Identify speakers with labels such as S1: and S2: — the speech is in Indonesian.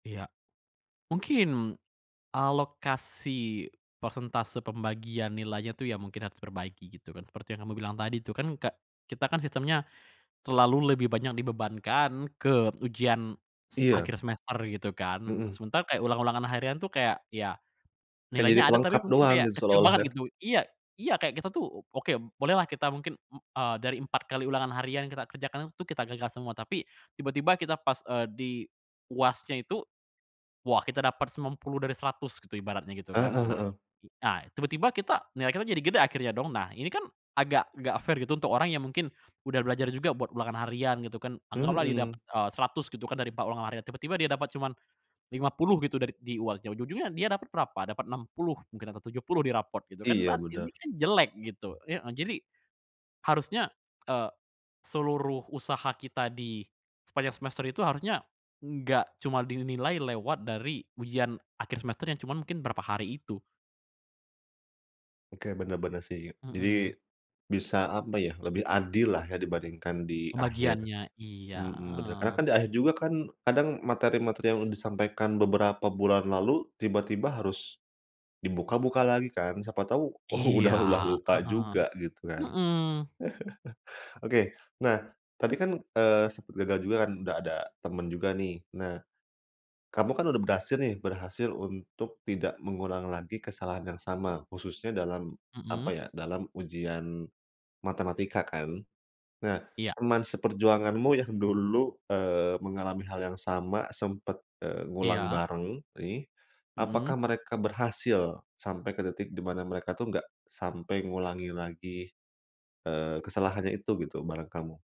S1: Iya. Mungkin alokasi persentase pembagian nilainya tuh, ya mungkin harus diperbaiki gitu kan. Seperti yang kamu bilang tadi tuh kan ke kita kan sistemnya terlalu lebih banyak dibebankan ke ujian se
S2: Iya.
S1: akhir semester gitu kan. Nah,
S2: Mhm.
S1: sementara kayak ulang-ulangan harian tuh kayak, ya
S2: Kayak jadi
S1: nilainya ada,
S2: pelengkap
S1: tapi mungkin
S2: doang
S1: kayak
S2: gitu
S1: kecil
S2: seolah-olah kan.
S1: banget gitu. Iya, iya kayak kita tuh, o oke b boleh lah kita mungkin m eee, dari 4 kali ulangan harian kita kerjakan itu kita gagal semua. Tapi, tiba-tiba kita pas, eee, di UAS-nya itu, wah kita dapat 90 dari 100 gitu ibaratnya gitu kan. Nah,
S2: Heeh-heeh.
S1: a tiba-tiba kita nilai kita jadi gede akhirnya dong. Nah, ini kan agak enggak fair gitu untuk orang yang mungkin udah belajar juga buat ulangan harian gitu kan. Anggaplah dia dapet,
S2: Mhm.
S1: eee, 100 gitu kan dari 4 ulangan harian, tiba-tiba dia dapet cuman 50 gitu dari di UAS-nya. Ujung-ujungnya dia dapet berapa? Dapet 60 mungkin atau 70 di rapot gitu kan.
S2: Iya,
S1: Ban ini
S2: bener.
S1: kan jelek gitu, heeh. Jadi, harusnya, eee, seluruh usaha kita di sepanjang semester itu harusnya enggak cuma dinilai lewat dari ujian akhir semester yang cuma mungkin berapa hari itu.
S2: Oke, bener-bener sih. Jadi,
S1: Mhm.
S2: bisa apa ya, lebih adil lah ya dibandingkan di akhir,
S1: Pembagiannya, iya,
S2: mhm, bener. Karena
S1: heeh.
S2: kan di akhir juga kan kadang materi-materi yang disampaikan beberapa bulan lalu tiba-tiba harus dibuka-buka lagi kan, siapa tahu u
S1: Iya.
S2: udah udah lupa juga
S1: Heeh,
S2: gitu kan.
S1: heeh.
S2: Oke, nah tadi kan, eee, sempat gagal juga kan udah ada temen juga nih. Nah, kamu kan udah berhasil nih, berhasil untuk tidak mengulang lagi kesalahan yang sama khususnya dalam apa
S1: Mhm.
S2: ya, dalam ujian matematika kan. Nah,
S1: Iya.
S2: teman seperjuanganmu yang dulu, eee, mengalami hal yang sama sempet, eee, ngulang
S1: Iya.
S2: bareng nih, apakah
S1: Mhm.
S2: mereka berhasil sampai ke titik di mana mereka tuh enggak sampai ngulangi lagi, eee, kesalahannya itu gitu bareng kamu?